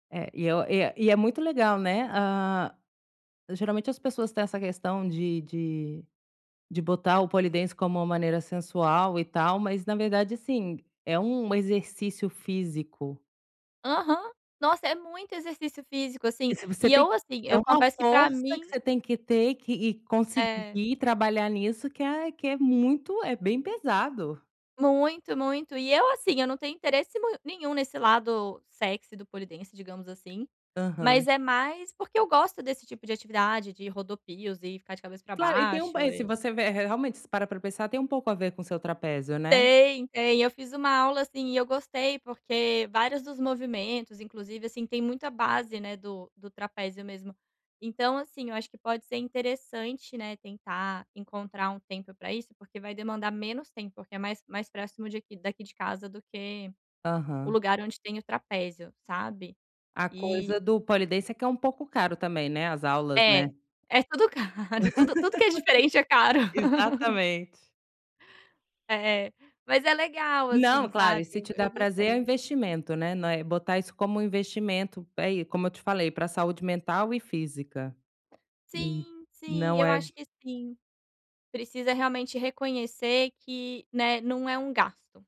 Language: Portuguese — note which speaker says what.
Speaker 1: É, e eu e é e é muito legal, né. Ah, geralmente as pessoas têm essa questão de de de botar o pole dance como uma maneira sensual, e tal, mas na verdade, assim, é um exercício físico.
Speaker 2: Aham. Nossa, é muito exercício físico,
Speaker 1: E
Speaker 2: assim.
Speaker 1: se você
Speaker 2: E
Speaker 1: tem
Speaker 2: eu, assim,
Speaker 1: é
Speaker 2: eu
Speaker 1: uma
Speaker 2: confesso que para
Speaker 1: força que
Speaker 2: mim
Speaker 1: você tem que ter que e
Speaker 2: É.
Speaker 1: conseguir trabalhar nisso, que é que é muito é bem pesado.
Speaker 2: Muito, muito. E eu assim, eu não tenho interesse mui nenhum nesse lado sexy do pole dance, digamos assim,
Speaker 1: Aham.
Speaker 2: mas é mais porque eu gosto desse tipo de atividade, de rodopios, e ficar de cabeça para
Speaker 1: Claro, e tem um
Speaker 2: baixo,
Speaker 1: bem se
Speaker 2: e
Speaker 1: você vê re realmente, se parar para pensar, tem um pouco a ver com seu trapézio, né.
Speaker 2: Tem, tem. Eu fiz uma aula, assim, e eu gostei, porque vários dos movimentos, inclusive, assim, tem muita base, né, do do trapézio mesmo. Então assim, eu acho que pode ser interessante, né, tentar encontrar um tempo para isso, porque vai demandar menos tempo, porque é mais mais próximo de aqui daqui de casa do que o
Speaker 1: Aham.
Speaker 2: lugar onde tem o trapézio, sabe.
Speaker 1: A
Speaker 2: E
Speaker 1: coisa do pole dance é que é um pouco caro também, né, as aulas, né.
Speaker 2: É. É tudo caro. Tudo tudo que é diferente é caro.
Speaker 1: Exatamente.
Speaker 2: É. Mas é legal,
Speaker 1: Não,
Speaker 2: assim,
Speaker 1: claro, e
Speaker 2: sabe,
Speaker 1: se
Speaker 2: e
Speaker 1: te dá
Speaker 2: eu
Speaker 1: prazer, é
Speaker 2: gostei.
Speaker 1: investimento, né, não é botar isso como um investimento. É e, como eu te falei, para saúde mental e física. E
Speaker 2: Sim, sim,
Speaker 1: não
Speaker 2: eu acho
Speaker 1: é
Speaker 2: que sim. Precisa realmente reconhecer que, né, não é um gasto.